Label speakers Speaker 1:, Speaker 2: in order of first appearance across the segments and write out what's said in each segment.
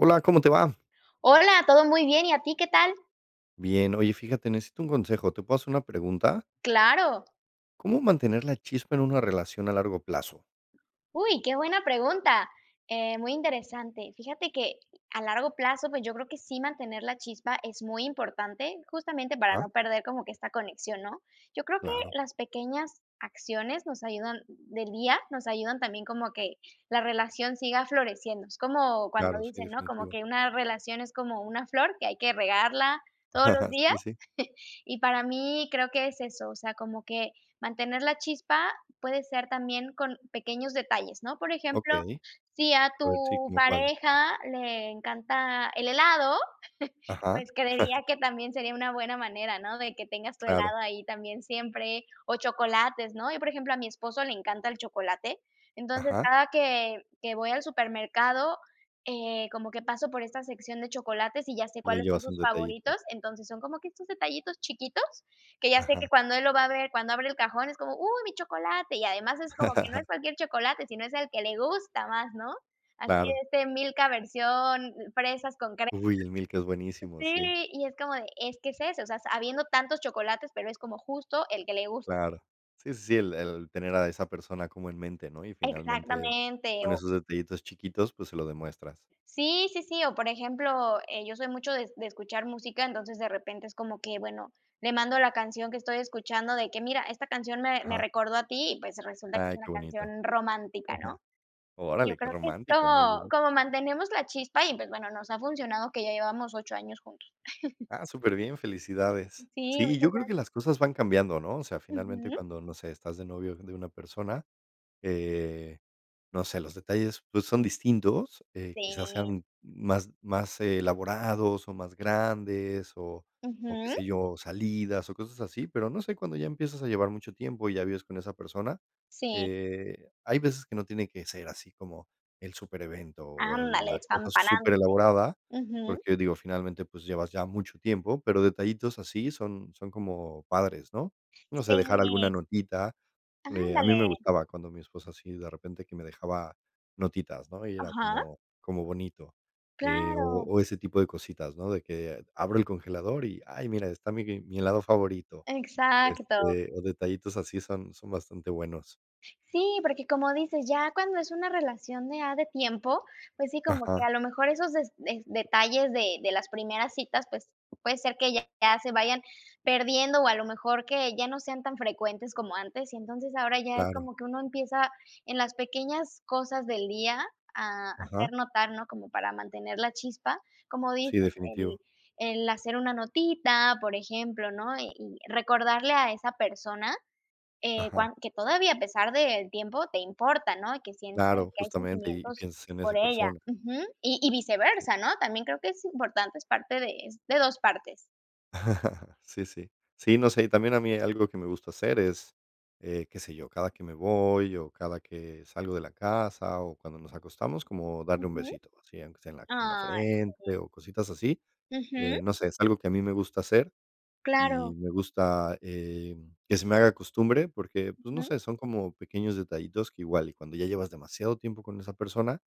Speaker 1: Hola, ¿cómo te va?
Speaker 2: Hola, todo muy bien. ¿Y a ti? ¿Qué tal?
Speaker 1: Bien, oye, fíjate, necesito un consejo, ¿te puedo hacer una pregunta?
Speaker 2: Claro.
Speaker 1: ¿Cómo mantener la chispa en una relación a largo plazo?
Speaker 2: Uy, qué buena pregunta, eh, muy interesante. Fíjate que, a largo plazo, pues, yo creo que sí mantener la chispa es muy importante, justamente para
Speaker 1: Ajá.
Speaker 2: no perder como que esta conexión, ¿no? Yo creo que,
Speaker 1: Claro.
Speaker 2: las pequeñas acciones nos ayudan del día nos ayudan también como que, la relación siga floreciendo. Es como cuando
Speaker 1: Claro, sí,
Speaker 2: dicen, ¿no? Como
Speaker 1: definitivo.
Speaker 2: que: "Una relación es como una flor, que hay que regarla todos los días".
Speaker 1: Sí, sí.
Speaker 2: Y para mí, creo que es eso, o sea, como que mantener la chispa puede ser también con pequeños detalles, ¿no? Por ejemplo,
Speaker 1: Okey.
Speaker 2: si a
Speaker 1: A ver, sí,
Speaker 2: tu
Speaker 1: ¿cómo cuáles?
Speaker 2: pareja le encanta el helado,
Speaker 1: Ajá.
Speaker 2: pues creería que también sería una buena manera, ¿no? De que tengas tu
Speaker 1: Claro.
Speaker 2: helado ahí también siempre, o chocolates, ¿no? Yo, por ejemplo, a mi esposo le encanta el chocolate, entonces,
Speaker 1: Ajá.
Speaker 2: cada que que voy al supermercado, eh, como que paso por esta sección de chocolates y ya sé
Speaker 1: Le
Speaker 2: cuáles son
Speaker 1: llevas un
Speaker 2: sus
Speaker 1: detallito.
Speaker 2: favoritos, entonces, son como que estos detallitos chiquitos, que ya sé
Speaker 1: Ajá.
Speaker 2: que cuando él lo va a ver, cuando abre el cajón, es como: "Uy, mi chocolate". Y además es como que no es cualquier chocolate, sino es el que le gusta más, ¿no? Así de
Speaker 1: Claro.
Speaker 2: este Milka versión, eh, fresas con cre
Speaker 1: Uy, el Milka es
Speaker 2: eh,
Speaker 1: buenísimo, sí.
Speaker 2: sí, y es como de, es que es ese, o sea, habiendo tantos chocolates, pero es como justo el que le gusta.
Speaker 1: Claro. Sí, sí, sí, el el tener a esa persona como en mente, ¿no? Y finalmente,
Speaker 2: Exactamente,
Speaker 1: con
Speaker 2: o
Speaker 1: esos detallitos chiquitos, pues se lo demuestras.
Speaker 2: Sí, sí, sí, o, por ejemplo, eh, yo soy mucho de, de escuchar música, entonces, de repente es como que, bueno, le mando la canción que estoy escuchando, de que: "Mira, esta canción me, me
Speaker 1: Ajá.
Speaker 2: recordó a ti". Y pues resulta que es
Speaker 1: Ay,
Speaker 2: una
Speaker 1: qué bonito.
Speaker 2: canción romántica,
Speaker 1: Ajá.
Speaker 2: ¿no? Yo
Speaker 1: Órale, qué
Speaker 2: creo que es
Speaker 1: romántico, muy
Speaker 2: como
Speaker 1: bien.
Speaker 2: como mantenemos la chispa y pues bueno, nos ha funcionado que ya llevamos 8 años juntos.
Speaker 1: Ah, superbién, felicidades.
Speaker 2: Sí,
Speaker 1: Sí,
Speaker 2: muchas
Speaker 1: yo creo que
Speaker 2: gracias.
Speaker 1: las cosas van cambiando, ¿no? O sea, finalmente,
Speaker 2: Ujú.
Speaker 1: cuando, no sé, estás de novio de una persona, eh, no sé, los detalles, pues, son distintos, eh, quizás
Speaker 2: Sí.
Speaker 1: sean más más elaborados o más grandes o o qué
Speaker 2: Ujú.
Speaker 1: sé yo, salidas o cosas así, pero no sé, cuando ya empiezas a llevar mucho tiempo y ya vives con esa persona,
Speaker 2: Si.
Speaker 1: eh, hay veces que no tiene que ser así como el superevento o
Speaker 2: Ándale,
Speaker 1: la cosa
Speaker 2: despampanante.
Speaker 1: superelaborada,
Speaker 2: Ujú.
Speaker 1: porque, digo, finalmente, pues llevas ya mucho tiempo, pero detallitos así son son como padres, ¿no? No sé, dejar alguna
Speaker 2: Si.
Speaker 1: notita. Me a mí
Speaker 2: Ándale.
Speaker 1: me gustaba cuando mi esposa así de repente que me dejaba notitas, ¿no? Y era
Speaker 2: Ajá.
Speaker 1: como como bonito, eh, o
Speaker 2: Claro.
Speaker 1: o ese tipo de cositas, ¿no? De que abro el congelador y, ay, mira, está mi mi helado favorito.
Speaker 2: Exacto.
Speaker 1: Este, o detallitos así son, son bastante buenos.
Speaker 2: Sí, porque, como dices, ya cuando es una relación de ya de tiempo, pues sí, como que
Speaker 1: Ajá.
Speaker 2: a lo mejor esos des detalles de de las primeras citas, pues, puede ser que ya se vayan perdiendo o a lo mejor que ya no sean tan frecuentes como antes, y entonces ahora ya es
Speaker 1: Claro.
Speaker 2: como que uno empieza, en las pequeñas cosas del día a hacer
Speaker 1: Ajá.
Speaker 2: notar, ¿no? Como para mantener la chispa, como
Speaker 1: Sí,
Speaker 2: dices, el
Speaker 1: definitivo.
Speaker 2: el hacer una notita, por ejemplo, ¿no? Y recordarle a esa persona, eh,
Speaker 1: Ajá.
Speaker 2: cuan que todavía, a pesar del tiempo, te importa, ¿no? Y que sientes
Speaker 1: Claro,
Speaker 2: que hay
Speaker 1: justamente y
Speaker 2: sentimientos
Speaker 1: piensas en esa
Speaker 2: por ella.
Speaker 1: persona.
Speaker 2: Ujú, y y viceversa, ¿no? También creo que es importante, es parte de de 2 partes.
Speaker 1: Sí, sí. Sí, no sé, y también a mí algo que me gusta hacer es, eh, qué sé yo, cada que me voy o cada que salgo de la casa o cuando nos acostamos, como darle un
Speaker 2: Ujú.
Speaker 1: besito así, aunque sea en la ca en la
Speaker 2: Ay,
Speaker 1: frente
Speaker 2: sí.
Speaker 1: o cositas así,
Speaker 2: Ujú.
Speaker 1: eh, no sé, es algo que a mí me gusta hacer y
Speaker 2: Claro.
Speaker 1: me gusta, eh, que se me haga costumbre, porque, pues, no
Speaker 2: Ujú.
Speaker 1: sé, son como pequeños detallitos que igual, y cuando ya llevas demasiado tiempo con esa persona,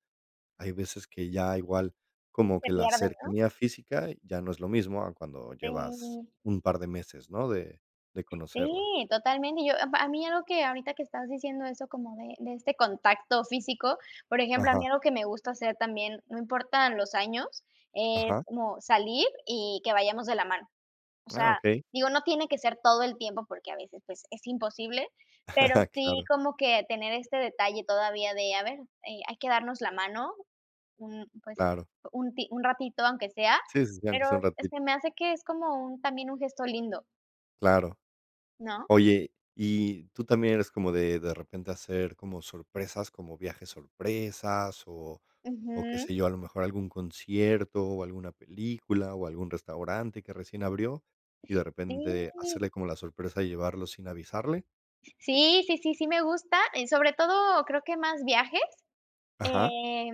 Speaker 1: hay veces que ya igual como
Speaker 2: Se
Speaker 1: que la
Speaker 2: pierde, ¿no?
Speaker 1: cercanía física ya no es lo mismo a cuando llevas
Speaker 2: Sí.
Speaker 1: un par de meses, ¿no?, de de conocerla.
Speaker 2: Sí, totalmente. Yo a p a mí algo que, ahorita que estás diciendo eso, como de de este contacto físico, por ejemplo, a mí
Speaker 1: Ajá.
Speaker 2: algo que me gusta hacer también, no importan los años, es
Speaker 1: Ajá.
Speaker 2: como salir y que vayamos de la mano. O
Speaker 1: Ah,
Speaker 2: sea,
Speaker 1: okey.
Speaker 2: digo, no tiene que ser todo el tiempo porque a veces, pues, es imposible, pero sí
Speaker 1: Claro.
Speaker 2: como que tener este detalle todavía de: "A ver, eh, hay que darnos la mano", un, pues,
Speaker 1: Claro.
Speaker 2: un ti un ratito aunque sea,
Speaker 1: Sí, sí, sí, aunque
Speaker 2: pero
Speaker 1: sea un ratito.
Speaker 2: se me hace que es como un también un gesto lindo.
Speaker 1: Claro.
Speaker 2: ¿No?
Speaker 1: Oye, ¿y tú también eres como de de repente hacer como sorpresas, como viajes sorpresas, o o qué
Speaker 2: Ujú.
Speaker 1: sé yo, a lo mejor algún concierto, o alguna película, o algún restaurante que recién abrió, y de repente hacerle
Speaker 2: Sí.
Speaker 1: como la sorpresa de llevarlo sin avisarle?
Speaker 2: Sí, sí, sí, sí me gusta, eh, sobre todo, creo que más viajes,
Speaker 1: Ajá.
Speaker 2: eh,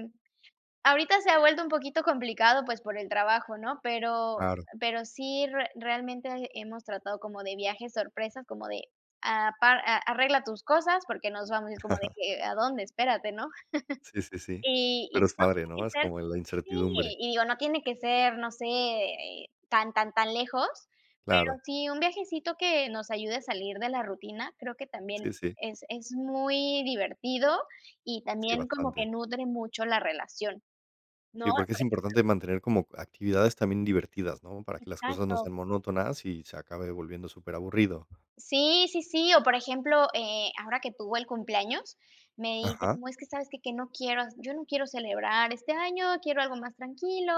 Speaker 2: ahorita se ha vuelto un poquito complicado, pues, por el trabajo, ¿no? Pero
Speaker 1: Claro.
Speaker 2: pero sí re realmente hemos tratado como de viajes sorpresa, como de apa a arregla tus cosas, porque nos vamos y es como de que: "¿A dónde? espérate", ¿no?
Speaker 1: Sí, sí, sí.
Speaker 2: Y y,
Speaker 1: Pero es
Speaker 2: pues, no
Speaker 1: padre,
Speaker 2: tiene que
Speaker 1: ¿no? Es
Speaker 2: ser
Speaker 1: como la
Speaker 2: Sí,
Speaker 1: incertidumbre.
Speaker 2: y digo, no tiene que ser, no sé, eh, tan, tan, tan lejos,
Speaker 1: Claro.
Speaker 2: pero sí, un viajecito que nos ayude a salir de la rutina, creo que también
Speaker 1: Sí, sí.
Speaker 2: es es muy divertido, y
Speaker 1: Sí,
Speaker 2: también como que
Speaker 1: bastante.
Speaker 2: nutre mucho la relación, ¿no?
Speaker 1: Sí, porque
Speaker 2: por
Speaker 1: es
Speaker 2: ejemplo
Speaker 1: importante mantener como actividades también divertidas, ¿no? para que las cosas no
Speaker 2: Exacto.
Speaker 1: sean monótonas y se acabe volviendo súper aburrido.
Speaker 2: Sí, sí, sí, o, por ejemplo, eh, ahora que tuvo el cumpleaños, me dice
Speaker 1: Ajá.
Speaker 2: como: "Es que ¿sabes que? que no quiero yo no quiero celebrar este año, quiero algo más tranquilo".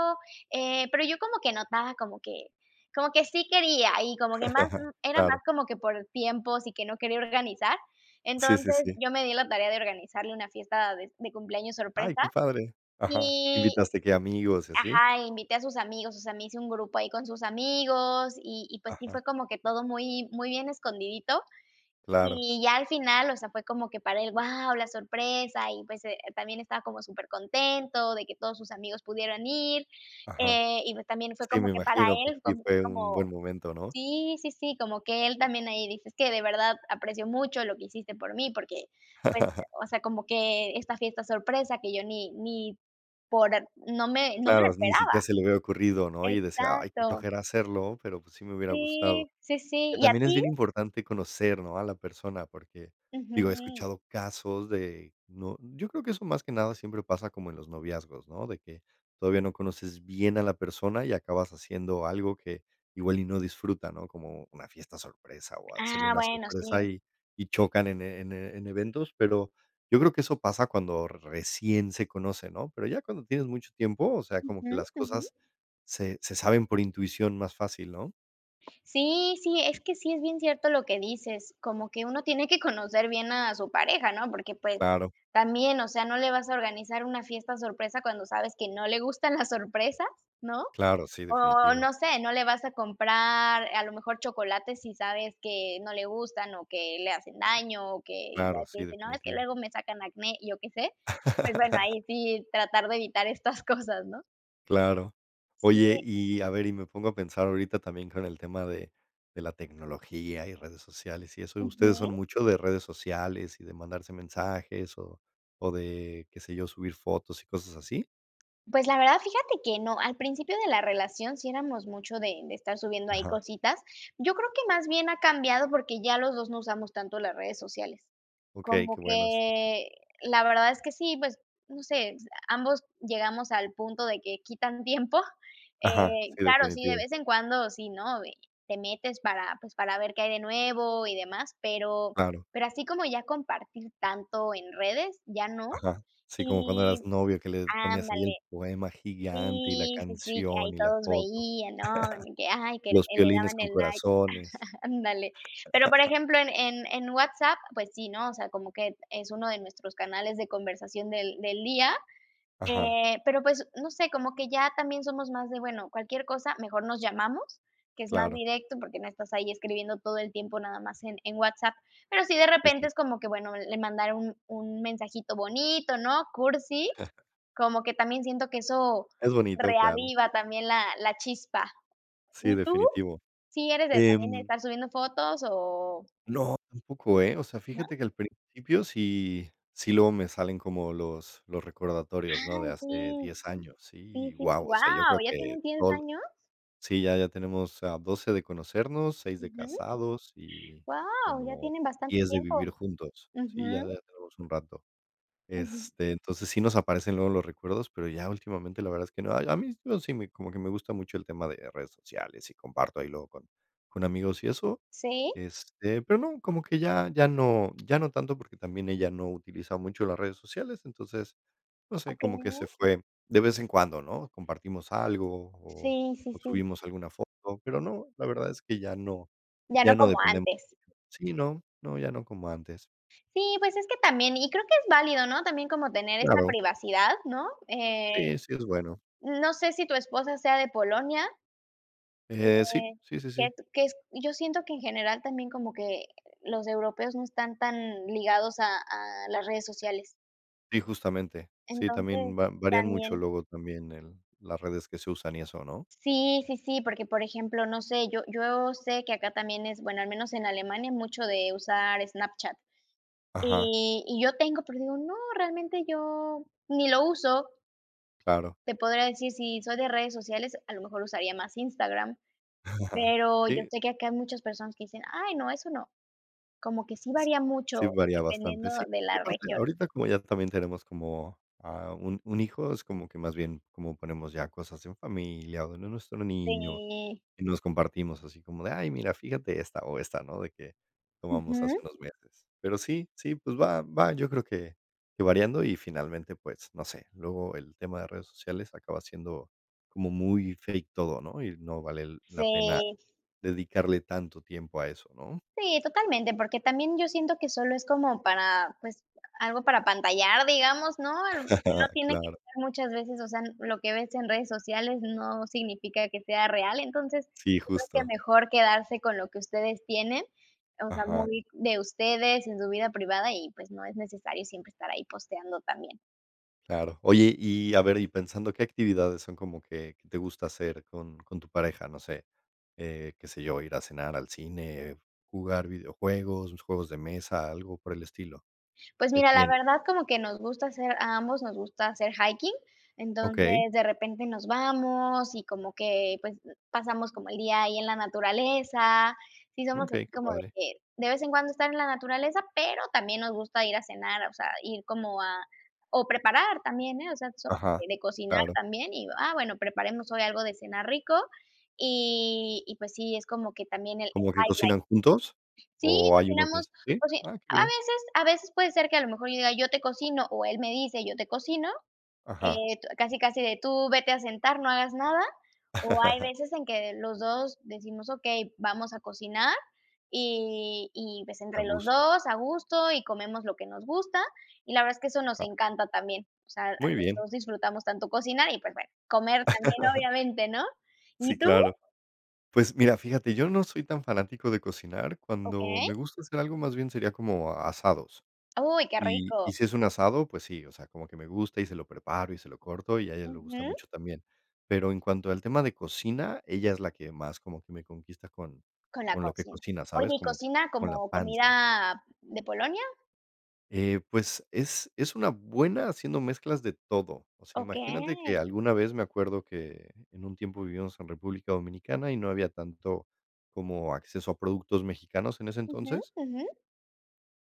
Speaker 2: Eh, pero yo como que notaba como que como que sí quería, y como que más n era más
Speaker 1: Claro.
Speaker 2: como que por tiempos y que no quería organizar.
Speaker 1: Sí, sí,
Speaker 2: Entonces,
Speaker 1: sí.
Speaker 2: yo me di a la tarea de organizarle una fiesta de de cumpleaños
Speaker 1: Ay,
Speaker 2: sorpresa
Speaker 1: qué padre. Ajá.
Speaker 2: y
Speaker 1: ¿Invitaste qué, amigos y así?
Speaker 2: Ajá, invité a sus amigos, o sea, me hice un grupo ahí con sus amigos y y, pues, sí
Speaker 1: Ajá.
Speaker 2: fue como que todo muy muy bien escondidito.
Speaker 1: Claro.
Speaker 2: Y ya al final, o sea, fue como que para él, guau, la sorpresa y, pues, eh, también estaba como super contento de que todos sus amigos pudieran ir,
Speaker 1: Ajá.
Speaker 2: eh, y pues también fue
Speaker 1: Sí,
Speaker 2: como
Speaker 1: me
Speaker 2: que para
Speaker 1: imagino, pues,
Speaker 2: él,
Speaker 1: sí
Speaker 2: también fue
Speaker 1: fue un
Speaker 2: como
Speaker 1: buen momento, ¿no?
Speaker 2: Sí, sí, sí, como que él también ahí dice: "Es que de verdad aprecio mucho lo que hiciste por mí, porque pues, o sea, como que esta fiesta sorpresa que yo ni ni por n no me no me la
Speaker 1: Claro, ni
Speaker 2: esperaba".
Speaker 1: siquiera se le había ocurrido, ¿no? y decía: "Ay, qué
Speaker 2: Exacto.
Speaker 1: flojera hacerlo, pero, pues, sí me hubiera gustado".
Speaker 2: Sí, sí, sí.
Speaker 1: Que
Speaker 2: ¿Y a
Speaker 1: también es
Speaker 2: tí?
Speaker 1: bien importante conocer, ¿no? a la persona, porque, digo, he
Speaker 2: Ujú.
Speaker 1: escuchado casos de, ¿no? yo creo que eso más que nada siempre pasa como en los noviazgos, ¿no? de que todavía no conoces bien a la persona y acabas haciendo algo que igual y no disfruta, ¿no? como una fiesta sorpresa o hacerle
Speaker 2: Ah,
Speaker 1: una
Speaker 2: bueno, sí.
Speaker 1: sorpresa y y chocan en en en eventos, pero yo creo que eso pasa cuando recién se conocen, ¿no? pero ya cuando tienes mucho tiempo, o sea, como
Speaker 2: Ujú,
Speaker 1: que las
Speaker 2: ujú.
Speaker 1: cosas se se saben por intuición más fácil, ¿no?
Speaker 2: Sí, sí, es que sí es bien cierto lo que dices, como que uno tiene que conocer bien a su pareja, ¿no? porque, pues,
Speaker 1: Claro.
Speaker 2: también, o sea, no le vas a organizar una fiesta sorpresa cuando sabes que no le gustan la sorpresa, ¿no?,
Speaker 1: Claro, sí,
Speaker 2: o
Speaker 1: definitivo.
Speaker 2: no sé, no le vas a comprar, a lo mejor, chocolate si sabes que no le gustan, o que le hacen daño, o que ya
Speaker 1: Claro,
Speaker 2: ves que
Speaker 1: sí,
Speaker 2: dicen: "No, es que
Speaker 1: definitivo.
Speaker 2: luego me sacan acné", y yo qué sé, pues bueno, ahí sí tratar de evitar estas cosas, ¿no?
Speaker 1: Claro. Oye,
Speaker 2: Sí.
Speaker 1: y a ver, y me pongo a pensar ahorita también con el tema de de la tecnología, y redes sociales, y eso, ¿ustedes son
Speaker 2: Ujú.
Speaker 1: mucho de redes sociales y de mandarse mensajes o o de, qué sé yo, subir fotos y cosas así?
Speaker 2: Pues, la verdad fíjate que no. Al principio de la relación sí eramos mucho de de estar subiendo ahí
Speaker 1: Ajá.
Speaker 2: cositas. Yo creo que más bien ha cambiado porque ya los dos no usamos tanto las redes sociales.
Speaker 1: Okey, qué
Speaker 2: Como
Speaker 1: bueno, sí.
Speaker 2: que, la verdad es que sí, pues, no sé, ambos llegamos al punto de que quitan tiempo,
Speaker 1: Aja,
Speaker 2: eh,
Speaker 1: sí,
Speaker 2: claro, sí, de
Speaker 1: definitivo.
Speaker 2: vez en cuando sí, ¿no?, eh, te metes para, pues, para ver qué hay de nuevo y demás, pero
Speaker 1: Claro.
Speaker 2: pero así como ya compartir tanto en redes, ya no.
Speaker 1: Ajá. Sí, como cuando eras
Speaker 2: Y
Speaker 1: novio que le ponías ahí el
Speaker 2: Ándale.
Speaker 1: poema gigante, y la
Speaker 2: Sí, sí, sí, que
Speaker 1: canción,
Speaker 2: ahí
Speaker 1: y la
Speaker 2: todos
Speaker 1: foto.
Speaker 2: veían, ¿no?, y que, ay, que le
Speaker 1: Los piolines
Speaker 2: daban
Speaker 1: con
Speaker 2: el like.
Speaker 1: corazones.
Speaker 2: Ándale. Pero por ejemplo, en en en WhatsApp, pues sí, ¿no? o sea, como que es 1 de nuestros canales de conversación del del día,
Speaker 1: Ajá.
Speaker 2: eh, pero pues, no sé, como que ya también somos más de: "Bueno, cualquier cosa, mejor nos llamamos", que es más
Speaker 1: Claro.
Speaker 2: directo porque no estás ahí escribiendo todo el tiempo nada más en en WhatsApp, pero sí, de
Speaker 1: Sí,
Speaker 2: repente
Speaker 1: sí.
Speaker 2: es como que: "Bueno, le mandaré un un mensajito bonito", ¿no?, cursi. Como que también siento que eso
Speaker 1: Es bonito, claro.
Speaker 2: reaviva también la la chispa,
Speaker 1: Sí,
Speaker 2: ¿y tú?
Speaker 1: definitivo,
Speaker 2: ¿sí eres de también de
Speaker 1: em
Speaker 2: estar subiendo fotos o?
Speaker 1: No, tampoco, eh, o sea,
Speaker 2: ¿No?
Speaker 1: fíjate que al principio sí sí luego me salen como los los recordatorios, ¿no?, de
Speaker 2: Ay,
Speaker 1: hace
Speaker 2: sí.
Speaker 1: 10 años, sí,
Speaker 2: Sí,
Speaker 1: y
Speaker 2: sí, sí,
Speaker 1: guau, o sea, yo
Speaker 2: guau,
Speaker 1: creo
Speaker 2: ¿ya
Speaker 1: que
Speaker 2: tienen 10
Speaker 1: todo lo
Speaker 2: años?
Speaker 1: sí, ya ya tenemos, ah, 12 de conocernos, 6 de
Speaker 2: Ujú.
Speaker 1: casados y
Speaker 2: Guau, ya
Speaker 1: como
Speaker 2: tienen bastante
Speaker 1: diez de
Speaker 2: tiempo.
Speaker 1: vivir juntos, sí, ya
Speaker 2: Ujú.
Speaker 1: ya tenemos un rato,
Speaker 2: Ujú.
Speaker 1: este, entonces, sí nos aparecen luego los recuerdos, pero ya últimamente, la verdad es que no. Ay, a mí, yo sí me como que me gusta mucho el tema de redes sociales y comparto ahí luego con con amigos y eso,
Speaker 2: ¿Sí?
Speaker 1: este, pero no, como que ya ya no ya no tanto porque también ella no utiliza mucho las redes sociales. Entonces, no sé, como que se
Speaker 2: Okey.
Speaker 1: fue. De vez en cuando, ¿no?, compartimos algo o
Speaker 2: Sí, sí,
Speaker 1: o
Speaker 2: sí.
Speaker 1: subimos alguna foto, pero no, la verdad es que ya no
Speaker 2: Ya no
Speaker 1: ya no
Speaker 2: como
Speaker 1: dependemos
Speaker 2: antes.
Speaker 1: [unintelligible] Sí, no no, ya no como antes.
Speaker 2: Sí, pues, es que también, y creo que es válido, ¿no? también como tener esta
Speaker 1: Claro.
Speaker 2: privacidad, ¿no?, eh,
Speaker 1: Sí, sí es bueno.
Speaker 2: no sé si tu esposa sea de Polonia
Speaker 1: Eh,
Speaker 2: eh,
Speaker 1: sí, sí, sí,
Speaker 2: que
Speaker 1: sí.
Speaker 2: es que es yo siento que en general también como que, eh, los europeos no están tan ligados a a las redes sociales.
Speaker 1: Sí, justamente. Sí,
Speaker 2: Entonces,
Speaker 1: también va varían mucho,
Speaker 2: también
Speaker 1: luego también, el las redes que se usan y eso, ¿no?
Speaker 2: Sí, sí, sí, porque, por ejemplo, no sé, yo yo sé que acá también es, bueno, al menos en Alemania mucho de usar Snapchat,
Speaker 1: Ajá.
Speaker 2: y y yo tengo, pero digo: "No, realmente yo ni lo uso".
Speaker 1: Claro.
Speaker 2: Te podría decir, si soy de redes sociales, a lo mejor usaría más Instagram. Pero yo
Speaker 1: Sí.
Speaker 2: sé que acá hay muchas personas que dicen: "Ay no, eso no". Como que sí varía mucho
Speaker 1: Sí varía bastante.
Speaker 2: dependiendo
Speaker 1: Sí.
Speaker 2: de
Speaker 1: Y
Speaker 2: la
Speaker 1: aparte,
Speaker 2: región.
Speaker 1: ahorita como ya también tenemos como, ah, un un hijo, es como que más bien como ponemos ya cosas en familia o de nuestro niño
Speaker 2: Sí.
Speaker 1: y nos compartimos así como de: "Ay, mira fíjate esta o esta", ¿no?, de que tomamos hace
Speaker 2: Ujú.
Speaker 1: unos meses. Pero sí, sí, pues, va va yo creo que que variando. Y finalmente, pues, no sé, luego el tema de redes sociales acaba siendo como muy fake todo, ¿no?, y no vale la pena
Speaker 2: Sí.
Speaker 1: dedicarle tanto tiempo a eso, ¿no?
Speaker 2: Sí, totalmente, porque también yo siento que solo es como para, pues, algo para apantallar, digamos, ¿no?, aunque no tiene que
Speaker 1: Claro.
Speaker 2: ser muchas veces, o sea, lo que ves en redes sociales no significa que sea real. Entonces, yo
Speaker 1: Sí,
Speaker 2: creo que
Speaker 1: justo.
Speaker 2: mejor quedarse con lo que ustedes tienen, o sea,
Speaker 1: Ajá.
Speaker 2: muy de ustedes en su vida privada y, pues, no es necesario siempre estar ahí posteando también.
Speaker 1: Claro. Oye, y a ver, y pensando, ¿qué actividades son como que que te gusta hacer con con tu pareja? No sé. Eh, qué sé yo, ir a cenar, al cine, jugar videojuegos, sus juegos de mesa, algo por el estilo.
Speaker 2: Pues,
Speaker 1: ¿Qué
Speaker 2: mira, la
Speaker 1: tienen?
Speaker 2: verdad como que nos gusta hacer, a ambos nos gusta hacer hiking. Entonces,
Speaker 1: Okey.
Speaker 2: de repente nos vamos y como que, pues, pasamos como el día ahí en la naturaleza. Sí somos así
Speaker 1: Okey, qué
Speaker 2: como de
Speaker 1: padre.
Speaker 2: que, de vez en cuando, estar en la naturaleza, pero también nos gusta ir a cenar, o sea, ir como a o preparar también, ¿eh?, o sea, so [unintelligible]
Speaker 1: Ajá.
Speaker 2: de cocinar
Speaker 1: Claro.
Speaker 2: también y, ah, bueno, preparemos hoy algo de cenar rico y y, pues, sí, es como que también el el
Speaker 1: ¿Como que
Speaker 2: highlight.
Speaker 1: cocinan juntos?
Speaker 2: Sí,
Speaker 1: ¿O hay uno que
Speaker 2: cocinamos,
Speaker 1: es? ¿Sí?
Speaker 2: coci
Speaker 1: Ah, qué
Speaker 2: A
Speaker 1: bien.
Speaker 2: veces a veces puede ser que a lo mejor yo diga: "Yo te cocino", o él me dice: "Yo te cocino",
Speaker 1: Ajá.
Speaker 2: eh, tu, casi, casi de tú vete a sentar, no hagas nada, o hay veces en que los 2 decimos: "Okey, vamos a cocinar", y y, pues,
Speaker 1: A
Speaker 2: entre los
Speaker 1: gusto.
Speaker 2: 2 a gusto y comemos lo que nos gusta, y la verdad es que eso nos
Speaker 1: Ajá.
Speaker 2: encanta también. O sea,
Speaker 1: Muy
Speaker 2: los
Speaker 1: bien.
Speaker 2: 2 disfrutamos tanto cocinar y, pues, bueno, comer también obviamente, ¿no?
Speaker 1: Sí,
Speaker 2: ¿Y tú?
Speaker 1: claro. Pues, mira, fíjate, yo no soy tan fanático de cocinar. Cuando
Speaker 2: Okey.
Speaker 1: me gusta hacer algo, más bien sería como a asados.
Speaker 2: Uy, qué
Speaker 1: Y y
Speaker 2: rico.
Speaker 1: si es un asado, pues sí, o sea, como que me gusta y se lo preparo y se lo corto, y a ella le gusta
Speaker 2: Ujú.
Speaker 1: mucho también. Pero en cuanto al tema de cocina, ella es la que más como que me conquista con
Speaker 2: Con la
Speaker 1: con lo que
Speaker 2: cocina.
Speaker 1: cocina, ¿sabes?,
Speaker 2: Oye, ¿y
Speaker 1: como
Speaker 2: cocina
Speaker 1: con la
Speaker 2: como
Speaker 1: panza.
Speaker 2: comida de Polonia?
Speaker 1: Eh, pues, es es una buena haciendo mezclas de todo. O sea, imagínate que
Speaker 2: Okey.
Speaker 1: alguna vez me acuerdo que en un tiempo vivíamos en República Dominicana y no había tanto como acceso a productos mexicanos en ese
Speaker 2: Ujú,
Speaker 1: entonces.
Speaker 2: ujú.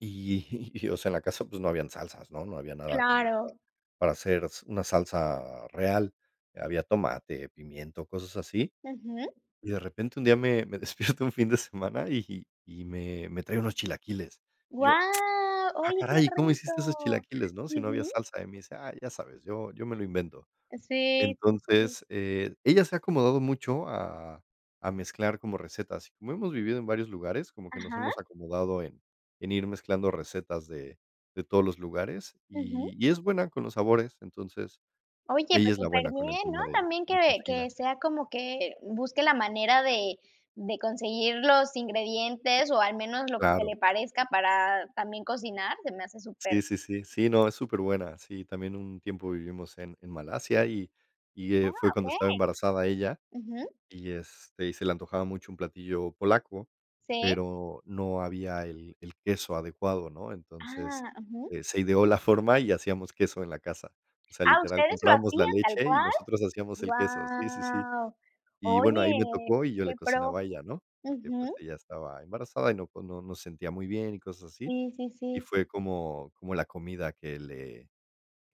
Speaker 1: Y y o sea, en la casa, pues, no habían salsas, ¿no? No había nada como para
Speaker 2: Claro.
Speaker 1: para hacer una salsa real. Había tomate, pimiento, cosas así.
Speaker 2: Ujú.
Speaker 1: Y de repente un día me me despierto un fin de semana y y me me trae unos chilaquiles. Y yo,
Speaker 2: Guau,
Speaker 1: "Ah,
Speaker 2: oye, qué
Speaker 1: caray, ¿cómo hiciste esos
Speaker 2: rico.
Speaker 1: chilaquiles?, ¿no? Si no había
Speaker 2: Ujú.
Speaker 1: salsa". Y me dice: "Ah, ya sabes, yo yo me lo invento".
Speaker 2: Sí, sí, sí.
Speaker 1: Entonces, eh, ella se ha acomodado mucho a a mezclar como recetas. Como hemos vivido en varios lugares, como que nos
Speaker 2: Ajá.
Speaker 1: hemos acomodado en en ir mezclando recetas de de todos los lugares, y
Speaker 2: Ujú.
Speaker 1: y es buena con los sabores. Entonces,
Speaker 2: Oye,
Speaker 1: ella
Speaker 2: pues
Speaker 1: es la buena con el
Speaker 2: superbién, ¿no?
Speaker 1: tema de
Speaker 2: También
Speaker 1: de
Speaker 2: que que
Speaker 1: cocina.
Speaker 2: sea como que busque la manera de de conseguir los ingredientes o al menos lo que se
Speaker 1: Claro.
Speaker 2: le parezca para también cocinar, se me hace
Speaker 1: Sí,
Speaker 2: súper
Speaker 1: sí, sí. Sí, no, es súper buena. Sí, también un tiempo vivimos en en Malasia y y,
Speaker 2: Ah,
Speaker 1: eh, fue cuando estaba
Speaker 2: okey.
Speaker 1: embarazada ella
Speaker 2: Ujú.
Speaker 1: y, este, y se la antojaba mucho un platillo polaco,
Speaker 2: Sí.
Speaker 1: pero no había el el queso adecuado, ¿no? Entonces,
Speaker 2: Ah, ujú.
Speaker 1: eh, se ideó la forma y hacíamos queso en la casa. O sea,
Speaker 2: Ah,
Speaker 1: literal,
Speaker 2: ¿ustedes lo
Speaker 1: comprábamos la
Speaker 2: hacían tal
Speaker 1: leche y
Speaker 2: cual?
Speaker 1: nosotros hacíamos el queso. Sí, sí, sí.
Speaker 2: Guau.
Speaker 1: Y bueno, ahí me
Speaker 2: Oye,
Speaker 1: tocó y yo
Speaker 2: qué
Speaker 1: le
Speaker 2: pro.
Speaker 1: cocinaba a ella, ¿no? Porque, pues,
Speaker 2: Ujú.
Speaker 1: ella estaba embarazada y no, pues, no no sentía muy bien y cosas así,
Speaker 2: Sí, sí,
Speaker 1: y
Speaker 2: sí.
Speaker 1: fue como como la comida que le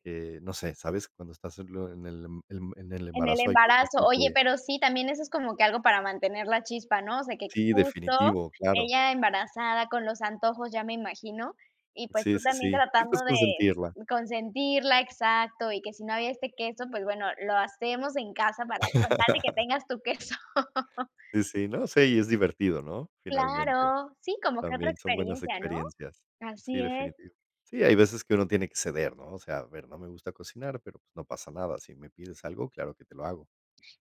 Speaker 1: que, no sé, ¿sabes? Cuando estás en l en el em en el en el
Speaker 2: En el
Speaker 1: embarazo hay cosas
Speaker 2: embarazo.
Speaker 1: que
Speaker 2: Oye,
Speaker 1: te
Speaker 2: pero sí, también eso es como que algo para mantener la chispa, ¿no? O sea, que
Speaker 1: Sí,
Speaker 2: justo
Speaker 1: definitivo, claro.
Speaker 2: ella embarazada con los antojos, ya me imagino, y, pues,
Speaker 1: Sí,
Speaker 2: tú
Speaker 1: sí,
Speaker 2: también
Speaker 1: sí. Y,
Speaker 2: tratando
Speaker 1: pues,
Speaker 2: de
Speaker 1: consentirla.
Speaker 2: consentirla. Exacto, y que si no había este queso, pues, bueno, lo hacemos en casa para con tal de que tengas tu queso.
Speaker 1: Sí, sí, ¿no?, sí, y es divertido, ¿no? Finalmente.
Speaker 2: Claro, sí, como que otra
Speaker 1: También son buenas
Speaker 2: experiencia, ¿no?
Speaker 1: experiencias. Sí,
Speaker 2: Así es.
Speaker 1: definitivo. Sí, hay veces que uno tiene que ceder, ¿no? O sea, a ver, no me gusta cocinar, pero, pues, no pasa nada. Si me pides algo, claro que te lo hago.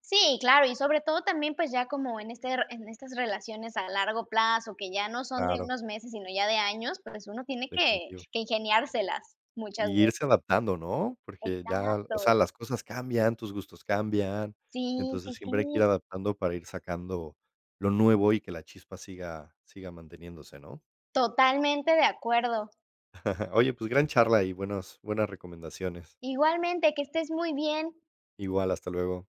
Speaker 2: Sí, claro. Y sobre todo también, pues, ya como en este r en estas relaciones a largo plazo, que ya no son de
Speaker 1: Claro.
Speaker 2: unos meses, sino ya de años, pues, uno tiene que
Speaker 1: Definitivo.
Speaker 2: que ingeniárselas muchas
Speaker 1: Y
Speaker 2: veces.
Speaker 1: irse adaptando, ¿no? Porque ya, o
Speaker 2: Exacto.
Speaker 1: sea, las cosas cambian, tus gustos cambian.
Speaker 2: Sí, sí,
Speaker 1: Entonces, siempre hay que ir
Speaker 2: sí.
Speaker 1: adaptando para ir sacando lo nuevo y que la chispa siga siga manteniéndose, ¿no?
Speaker 2: Totalmente de acuerdo.
Speaker 1: Oye, pues, gran charla y buenos buenas recomendaciones.
Speaker 2: Igualmente, que estés muy bien.
Speaker 1: Igual, hasta luego.